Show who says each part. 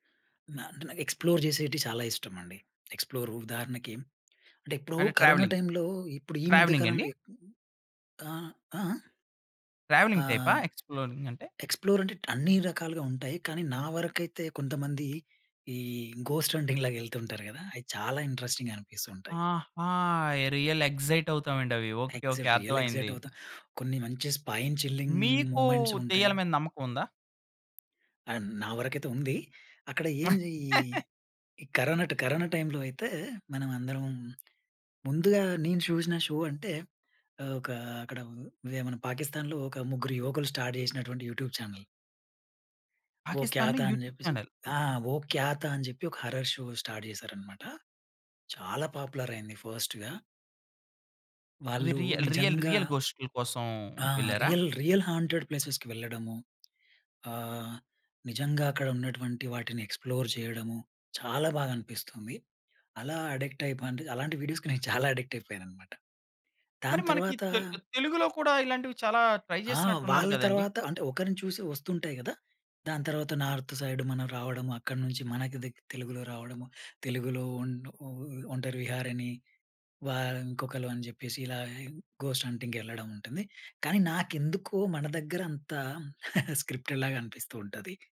Speaker 1: న అంటే, నాకు ఎక్స్‌ప్లోర్ చేసేటివీ చాలా ఇష్టమండి. ఎక్స్‌ప్లోర్ ఉదాహరణకి, అంటే ఎప్పుడో
Speaker 2: అంటే
Speaker 1: కరోనా
Speaker 2: ట్రావెలింగ్,
Speaker 1: టైం‌లో ఇప్పుడు ఈ మధ్య
Speaker 2: ట్రావెలింగా అండి?
Speaker 1: కాలంలో ఆహ్, ఆహ్, ఆహ్,
Speaker 2: ట్రావెలింగ్ టైపా!
Speaker 1: ఆహ్
Speaker 2: ఎక్స్‌ప్లోరింగ్ అంటే?
Speaker 1: ఎక్స్‌ప్లోర్ అంటే అన్ని రకాలుగా ఉంటాయి. కానీ నా వరకైతే కొంతమంది ఈ ఘోస్ట్ హంటింగ్ లాగా వెళ్తూ ఉంటారు కదా! అవి చాలా ఇంట్రెస్టింగ్‌గా అనిపిస్తూ ఉంటాయి.
Speaker 2: ఆహా! రియల్ ఎక్సైట్ అవుతామండి అవి. Okay, okay
Speaker 1: excite, real excite
Speaker 2: అర్థమైంది.
Speaker 1: అవుతాం. కొన్ని మంచి స్పైన్ చిల్లింగ్
Speaker 2: మీకు,
Speaker 1: మూవ్‌మెంట్స్ ఉంటాయి.
Speaker 2: దెయ్యాల మీద నమ్మకం ఉందా?
Speaker 1: అండ్ నా వరకైతే ఉంది. అక్కడ ఏంజీ ఈ కరోనా ట్ కరోనా టైంలో అయితే మనమందరం ముందుగా నేను చూసిన షో అంటే ఆహ్, ఒక అక్కడ అదే మన పాకిస్థాన్‌లో ఒక ముగ్గురు యువకులు స్టార్ట్ చేసినటువంటి యూట్యూబ్ చానెల్. "వో క్యా
Speaker 2: పాకిస్థాన్‌లో
Speaker 1: థా?" అని
Speaker 2: యూట్యూబ్
Speaker 1: చెప్పేసి,
Speaker 2: చానెల్!
Speaker 1: ఆహ్, "వో క్యా థా?" అని చెప్పి, ఒక హారర్ షో స్టార్ట్ చేశారన్నమాట. చాలా పాపులర్ అయింది ఫాస్ట్‌గా.
Speaker 2: అది
Speaker 1: వాళ్ళు
Speaker 2: రియ రియల్,
Speaker 1: నిజంగా
Speaker 2: రియల్ గోష్టుల కోసం
Speaker 1: ఆ!
Speaker 2: వెళ్లారా?
Speaker 1: రియల్, రియల్ హాంటెడ్ ప్లేసెస్‌కి వెళ్ళడము. ఆహ్, నిజంగా అక్కడ ఉన్నటువంటి వాటిని ఎక్స్‌ప్లోర్ చేయడము, చాలా బాగా అనిపిస్తుంది. అలా అడిక్ట్ అయిపో అంటే, అలాంటి వీడియోస్‌కి నేను చాలా అడిక్ట్ అయిపోయానన్నమాట. దాని
Speaker 2: మరి మనకి
Speaker 1: తర్వాత
Speaker 2: తెలు తెలుగులో కూడా ఇలాంటివి చాలా ట్రై
Speaker 1: ఆ!
Speaker 2: చేసినట్టున్నారు
Speaker 1: వాళ్ళ
Speaker 2: కదండీ!
Speaker 1: తర్వాత అంటే ఒకరిని చూసి వస్తుంటాయి కదా! దాని తర్వాత నార్త్ సైడ్ మనం రావడము, అక్కడి నుంచి మనకి దగ్ తెలుగులో రావడము, తెలుగులో ఒన్ ఓ "ఒంటరి విహారి" అని వా ఇంకొకళ్ళు అని చెప్పేసి, ఇలా ఘోస్ట్ హంటింగ్ వెళ్ళడం ఉంటుంది. కానీ నాకెందుకో మన దగ్గర అంత స్క్రిప్టెడ్ లాగా అనిపిస్తూ ఉంటది.